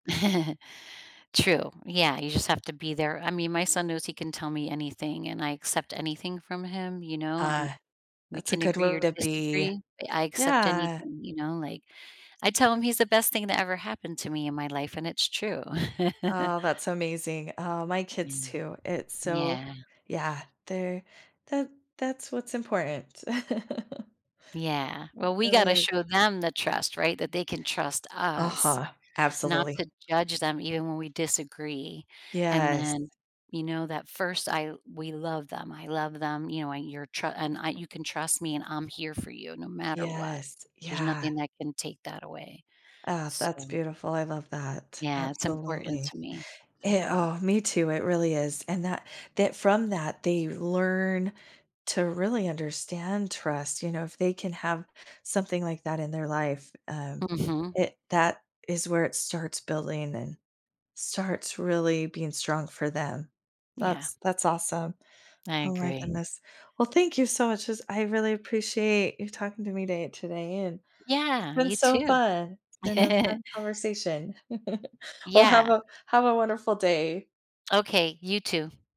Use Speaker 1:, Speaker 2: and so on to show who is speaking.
Speaker 1: True, yeah, you just have to be there, I mean, my son knows he can tell me anything, and I accept anything from him you know, I'm
Speaker 2: Uh,
Speaker 1: we
Speaker 2: that's a
Speaker 1: can
Speaker 2: good
Speaker 1: agree or
Speaker 2: way to be,
Speaker 1: disagree, but I accept
Speaker 2: yeah.
Speaker 1: anything you know, like, I tell him he's the best thing that ever happened to me in my life, and it's true.
Speaker 2: Oh, that's amazing, oh, my kids
Speaker 1: Yeah,
Speaker 2: too, it's so
Speaker 1: yeah.
Speaker 2: yeah, they're that that's what's important, uh
Speaker 1: Yeah, well, we
Speaker 2: really
Speaker 1: gotta
Speaker 2: is.
Speaker 1: show them the trust, right, that they can trust us,
Speaker 2: Uh-huh,
Speaker 1: not
Speaker 2: absolutely.
Speaker 1: to judge them even when we disagree, and
Speaker 2: Yes.
Speaker 1: then, you know, that 1st, I we love them, I love them, you know, and your tr and I you can trust me, and I'm here for you no matter what.
Speaker 2: Yes,
Speaker 1: There's
Speaker 2: yeah.
Speaker 1: nothing that can take that away,
Speaker 2: Uh, that's
Speaker 1: so
Speaker 2: beautiful I love that,
Speaker 1: Yeah, it's important
Speaker 2: absolutely,
Speaker 1: to me, it's
Speaker 2: it
Speaker 1: important.
Speaker 2: oh, me too it really is, and that that from that, they learn to really understand trust, you know, if they can have something like that, in their life, um,
Speaker 1: Mhm.
Speaker 2: it that is where it starts building, and starts really being strong for them.
Speaker 1: Yeah.
Speaker 2: That's that's awesome,
Speaker 1: I
Speaker 2: oh my
Speaker 1: agree.
Speaker 2: goodness, well, thank you so much 'cause I really appreciate you talking to me day today, and it's
Speaker 1: Yeah,
Speaker 2: been
Speaker 1: you
Speaker 2: so
Speaker 1: too.
Speaker 2: fun, it's been a fun conversation. Well, have
Speaker 1: Yeah.
Speaker 2: a have a wonderful day.
Speaker 1: Okay, you too.